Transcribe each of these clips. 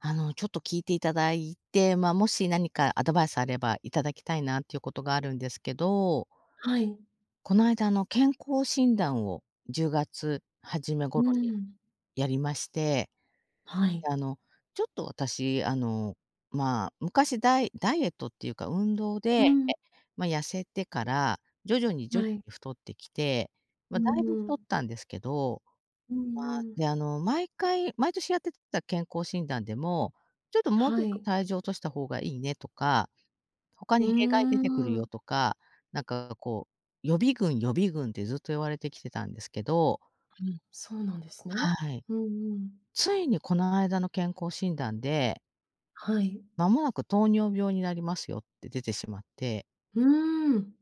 あの、ちょっと聞いていただいて、まあ、もし何かアドバイスあればいただきたいな、ということがあるんですけどはい。この間の健康診断を10月初めう頃にん。やりまして。はい。であの、ちょっと私、あの、まあ、昔ダイダイエットっていうか運動うで、ん。まあ痩せてから、徐々にじょ、はい。太ってきて、まうあだいぶ太っん。たんですけど、うんまあ、うん。で、あの、毎回毎年やってた健康診断でも、ちょっと「もうちはょっとい。体重を落とした方がいいね」とか「他うにー弊害出てくるよ」ん。とか、なんかこう、予備軍予備軍ってずっと言われてきてたんですけどうん、そうなんですね。はい。うんうん。ついにこの間の健康診断ではい。「間もなく糖尿病になりますよ」って出てしまって。うん。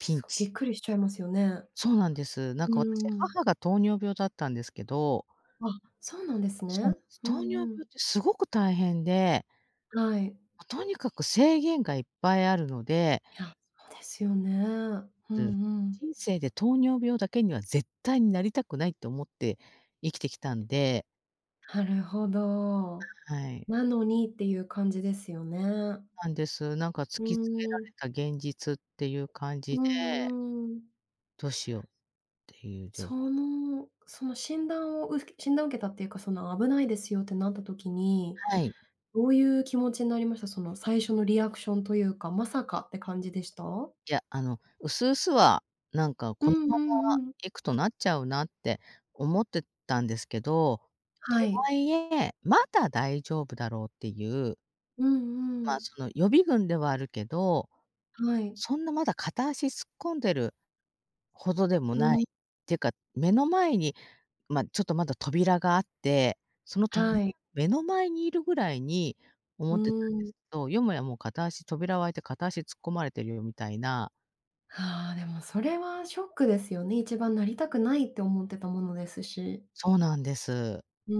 ピすンごびチ。っくりしちゃいますよね。そうなんです。なんうか私、ん。母が糖尿病だったんですけど。あ、そうなんですそうなね。んす。う糖ん尿病っうん。てすごく大変で。はい。とにかく、制限がいっぱいあるので。いや、ですよね。うんうでん。「人生で糖尿病だけには絶対になりたくない」と思って生きてきたんで。なるほどはい。「なのに」っていう感じですよね。なんです。なんかう突きつけらーん。れた現実っていう感じうでんうん。どうしようっていう状況。その、その診断をう診断を受けたっていうか、その「危ないですよ」ってなった時に、はい。どういう気持ちになりました？その最初のリアクションというか「まさか」って感じでした？いや、あの、薄々はなんかう「このんうままんうん。いくとなっちゃうな」って思ってたんですけど、とはい。はいえ、まだ大丈夫だろうっていううんうん。ま、その予備軍ではあるけど、はい。そんなまだ、片足突っ込んでるほどでもうない。ん。てか、目の前に、ま、ちょっとまだ扉があって、その扉、はい。目の前にいるぐらいにう思ってたんーですん。けど、よもやもう片足扉をあいて、片足突っ込まれてるよ、みたいな。ああ、でもそれはショックですよね。一番なりたくないって思ってたものですし。そうなんです。うー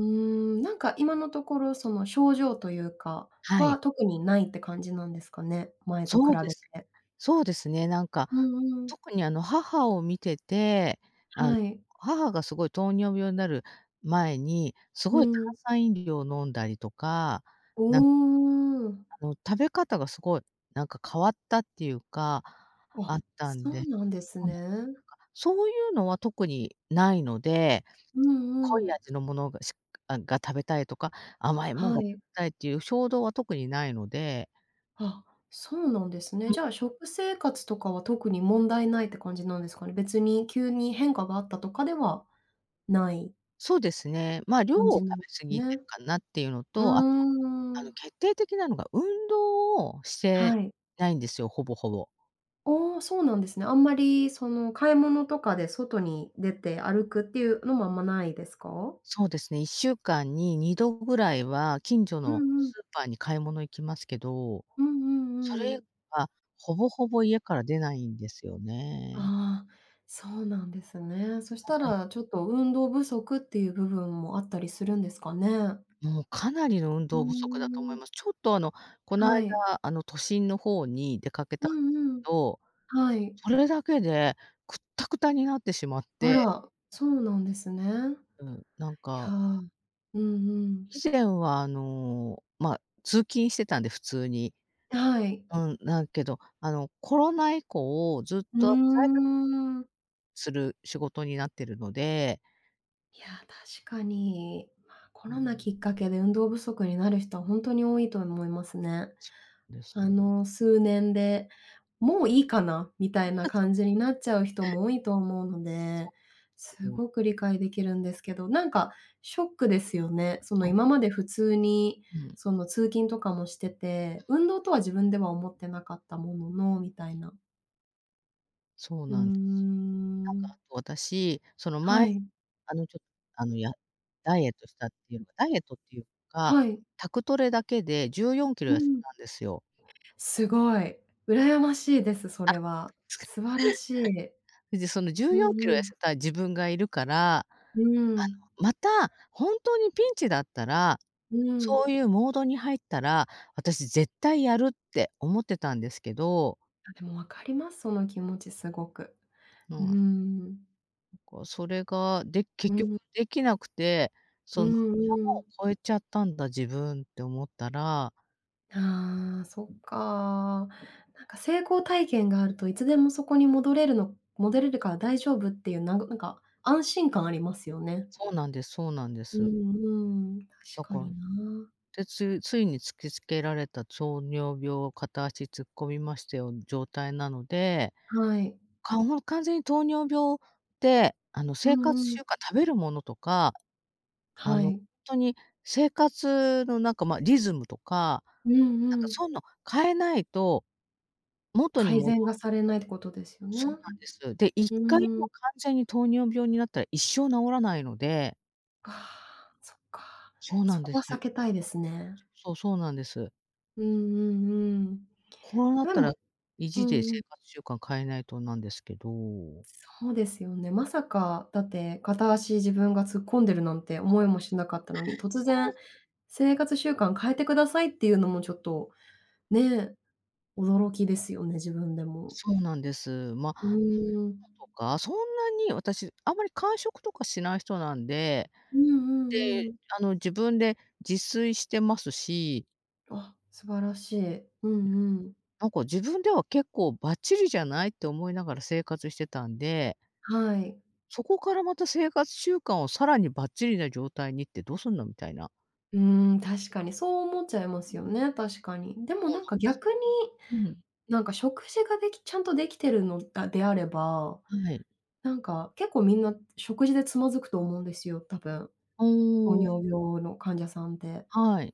ん、なんか今のところ、その症状というかはい。は、特にないって感じなんですかね。前と比そうでべす。て。そうですね、なんか、うんうん。特にあの母を見てて、あの、はい。母がすごい糖尿病になる前に、すうごい炭んうん。酸飲料飲んだりとか、おなんお。あの食べ方がすごい、なんか変わったっていうか、ああ、ったんそでうそなんですうなんです、ね。なんか、そういうのは特にないので、うん濃ういん。味のものがしあが食べたいとか、甘いもんはが食べい。たい、っていう衝動は特にないので。あ、そうなんですね。うじん。ゃあ、食生活とかは、特に問題ないって感じなんですかね。別に急に、変化があったとかではない。そうですね、ま、量かんをじん食べ過ぎてな、ね。るかなっていうのうと、あとは、ーあの、ん。決定的なのが運動をしはてい。ないんですよ、ほぼほぼ。ああ、そうなんですね。あんまり、その、買い物とかで外に出て歩くっていうのも、あんまないですか？そうですね、1週間に2度ぐらいは近所うのんうん。スーパーに買い物行きますけど、うんうんそうんうれん。はほぼほぼ家から出ないんですよね。ああ、そうなんですね。そしはたはい。らちょっと運動不足っていう部分もあったりするんですかね。もうかなりの運うー動不足だと思いん。ます。ちょっと、あの、このは間、い。あの、都心の方に出かけうたんんうん。ど、はい。それだけでくったくたになってしまっあて。ら、そうなんですね。うん、なんいや、か。うんうん。以前は、あの、ま、通勤してたんで、普通に。はい。うん、なんけど、あの、コロナ以降ずっうと在宅勤ーん。する仕事になってるので。いや、確かに。ま、コうーロナん。きっかけで運動不足になる人はほんとに多いと思いますね。です。あの数年で、もういいかな、みたいなうん。そそそ。感じになっちゃう人も多いと思うのそ、で、す [unintelligible] ごく理解できるんですけど、なんか、ショックですよね。その、そう。今まで普通に、うん。その、通勤とかもしてて、運動とは自 [unintelligible] 分では思ってなかったものの、みたいな。そううーなんです。なんかん。あと私、そのは前、い。あのちょあのやダイエットしたっていうダイエットっていうか、はい。宅トレだけでじゅうよんキうロ痩せん。たんですよ。すごい。羨ましいです、そあ。れは。素晴らしい。でそのじゅううよんんキロう痩ん。せた自分がいるから。あのうん。また、本当にピンチだったら、うそん。ういうモードに入ったら、私絶対やるって思ってたんですけど。あ、でもわかります。その気持ちすごく。うもーう。ん。こうそれが、で、う結局ん。できなくて、うそのんうん。山を越えちゃったんだ自分って思ったら。ああ、そっか。なんか成功体験があるといつでもそこに戻れるの戻れるから大丈夫っていうななんか安心感ありますよね。そうなんです、そうなんでうす。んうん、確だかから、になあ。で、ついついに突きつけられた糖尿病を片足突っ込みましたような状態なので、はい。かもう完全に糖尿病って、あのう生活んうん。習慣、食べるものとか、あはの、本い。当に生活のなんかま、リズムとか、うんなんかうん。そういうの変えないと。元に改もど善がされないってことですよね。そううなんです。で、一回ーもん。完全に糖尿病になったら一生治らないので。ああ、そっか。そうなそんでこはす避よ。けたいですね。そうそうなんです。うんうんうん。こうなっでたもら、意う地で生んうん。活習慣変えないとなんですけど。そうですよね。まさかだって、片足自分が突っ込んでるなんて思い もしなかったのに、突そう。然、生活習慣変えてくださいっていうのもちょっと、ね、驚きですよね、自分でも。そうなんです。ま、食うべーん。物とか、そんなに私あんまり間食とかしない人なんで、うんうで、んうん。あの自分で自炊してますし。あ、素晴らしい。うんうん。なんか自分では結構ばっちりじゃないって思いながら生活してたんではい。そこからまた生活習慣をさらにばっちりな状態にってどうすんの？みたいな。うーん、確かにそう思っちゃいますよね、確かに。でもそうなんか逆に、なんです。うん。なんか食事ができちゃんと出来てるのであれば、はい。なんか結構みんな食事でつまずくと思うんですよ、多分。糖おお。尿病の患者さんって。はい。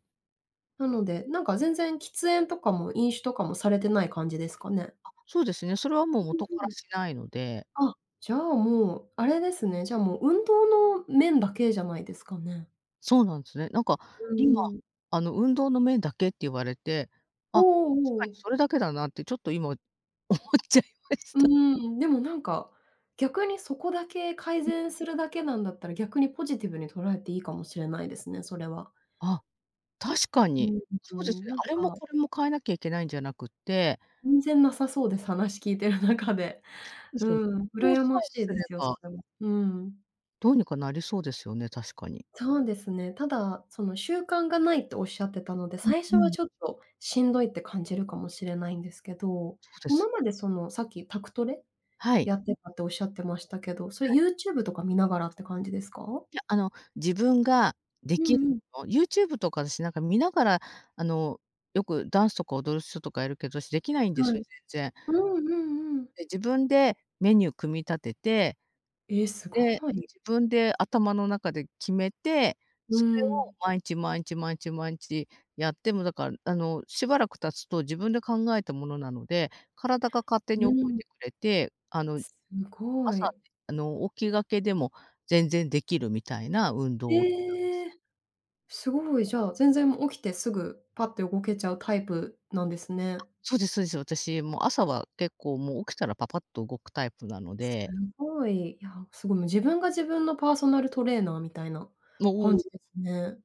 なので、なんか全然喫煙とかも飲酒とかもされてない感じですかね。あ、そうですね。それはもう元うかう、うらん。しないので。あ、じゃあ、もうあれですね、じゃあもう運動の面だけじゃないですかね。そうなんすね。なんかう今、んうん。あの、運動の面だけって言われて、おあ、確おかにおお。それだけだなってちょっといも、思っちゃいましうた。ーん、でもなんか、逆にそこだけ改善するだけなんだったら、逆にポジティブに捉えていいかもしれないですね、それは。あ、確かうに。そーうですん、ね。なんあれかなもんかこれも変えなきゃいけないんじゃなくって。全然なさそうです。話聞いてる中で。そうでうすよね。ん、こう羨さまえしいすでれすよ、そば。れは。うん。どうにかなりそうですよね、確かに。そうですね。ただ、その、習慣がないっておっしゃってたので、うん最初うはん。ちょっとしんどいって感じるかもしれないんですけど、そうで今す。までその、さっき宅トレ？はい。やってたっておっしゃってましたけど、それはい。YouTube とか見ながらって感じですか？いや、あの、自分がでうきるんうん。も YouTube とかしなんか見ながらあの、よくダンスとか踊る人とかいるけど、しできないんではすい、よ、全然。うーん、うんうん。で、自分でメニュー組み立てて。え、すで、ごい。自分で頭の中で決めて、うそれーをん。まいんち、まいんち、まいんち、まいんちやって、もだからあの、しばらく経つと自分で考えたものなので、体が勝手にう覚えん。てくれて、あの、すご朝、い。あの、起きがけでも全然できるみたいな運動をしてたんですえよ。え。すごい。じゃあ、全然起きてすぐパッって動けちゃうタイプなんですね。そうですそうです。私、もう朝は結構もう起きたらパパッと動くタイプなのすで。ごい、いや、すごい、自分が自分のパーソナルトレーナーみたいなの、お感お。じですね。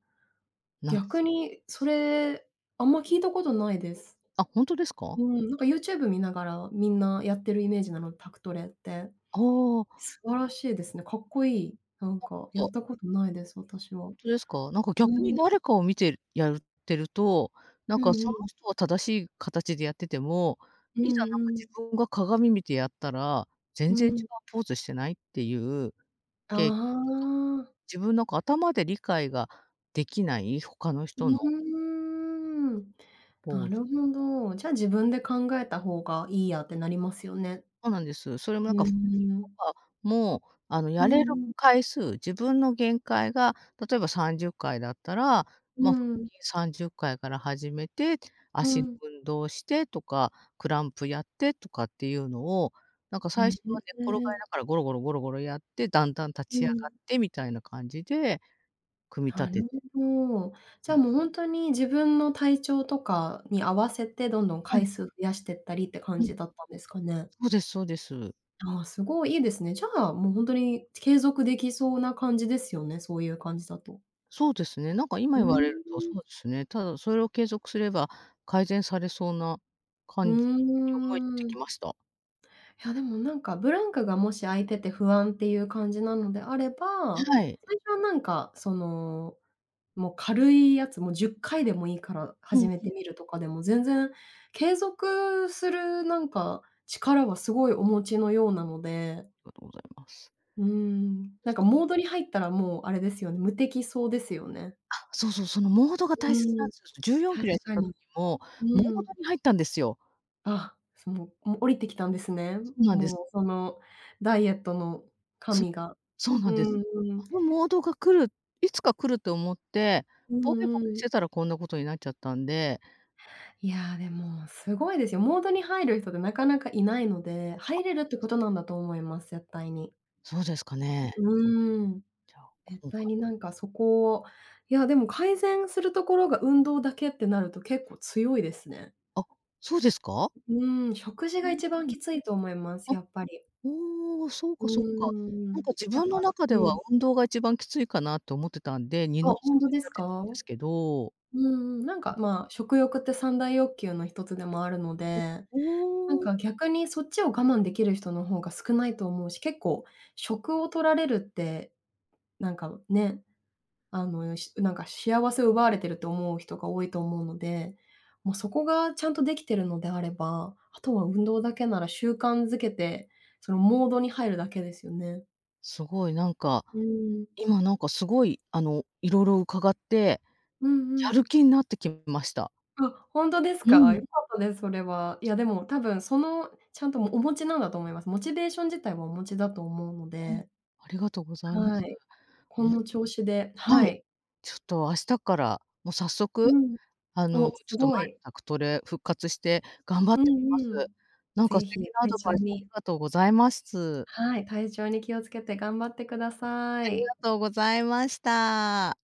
何で逆す？に、それ、あんま聞いたことないです。あ、ほんとですうか？ん、なんか YouTube 見ながらみんなやってるイメージなの、宅トレって。ああ。素晴らしいですね。かっこいい。なんかやなんかったことないです、あ、ほ私は。んとですか？なんかう逆にん。誰かを見てるやってると、なんうかんうそのん。人は正しい形でやってても、ういんざなんかうん。自分が鏡見てやったらう「全然違うん。ポーズしてない？」っていう。あ経験とか、ま、あ。自分、なんか頭で理解ができない、他のうー人のん。ポなーズ。るほど。じゃあ、自分で考えた方がいいやってなりますよね。そうなんです。それもうなんーか腹筋とん。かもあの、うやんれるうん。回数、自分の限界が例えば30回だったら、うま、腹ん。筋30回から始めて、う足のん。運動をしてとか、プランクやってとかっていうのを、なんかふ最ぇ初へ、は寝っ転へがりえ。ながらゴロゴロゴロゴロやって、だんだん立ちう上がん。ってみたいな感じで、組み立なるてて。ほど。じゃあ、もうほんとに自分の体調とかに合わせてどんどんは回い。数増やしてったりって感うん。じだったんですかね。そうですそうです。ああ、すごい、いいですね。じゃあ、もうほんとに継続できそうな感じですよね、そういう感じだと。そうですね。なんかう今ー言われると、そん。うですね。ただそれを継続すれば、改善されそうなう感じに思えてーきまん。した。いやでもなんかブランクがもし空いてて不安っていう感じなのであれば、はい。最初はなんかその、もう軽いやつも10回でもいいからうん始う。めてみるとかでも全然、継続するなんか、力はすごいお持ちのようなので。がとございます。うーん。でなんすかかね。モードに入ったらもう、あれですよ、無敵そうですよね。あ、そうそう、そのモードがう大切なーんん。ですよ。じゅうよん確キロ痩せかた時に。も、モーうドん。に入ったんですよ。あ、その、もう降りてきたんですね。そうなんです。もう、その、ダイエットのそう、神が。そうなうんです。ーあん。のモードが来る、いつか来ると思って、うボケボんうケしん。てたらこんなことになっちゃったんで。いや、でも、すごいですよ。モードに入る人ってなかなかいないので、あ。入れるってことなんだと思います。絶対に。そうですかね。うーん。じゃあ、絶今対回。になんかそこいやでも改善するところが運動だけってなると結構強いですね。あ、そうですか？うーん。食事が一番き ついと思います。あ、やっぱり。おお。そううーかそうか。なんん。か自やっ分のぱ中うではん。運動が一番きついかなと思ってたんで、二あ、の足ホを踏ンんトじでゃすっか？てたんでうんすけど。うん。なんか、まあ、食欲って三大欲求の1つでもあるのお、で、おなんお。か逆にそっちを我慢できる人の方が少ないと思うし、結構、食を取られるって、なんか、ね、あの、しなんか幸せを奪われてると思う人が多いと思うので、もう、そこがちゃんと出来てるのであれば、あとは運動だけなら習慣づけて、そのモードに入るだけですよね。すごいなんか、うーん。今なんかすごい、あの、色々伺って、うんうやるん。気になってきました。あ、ホントですうか？ん。良かったです。それは。いやでも、多分、その、ちゃんと、も、お持ちなんだと思います。モチベーション自体はお持ちだと思うのうん。で。ありがとうございまはす。い。あ、この調子でははい。い。ちょっと明日っから、もう早速、うん。あの、お、すちょっと前ごのい。宅トレ、復活して頑張っうんてみまうす。ん。なんかぜ素ひ、敵なア体ド調バイスありにがとうございます。はい。体調に気をつけて、頑張ってくださありい。がとうございました。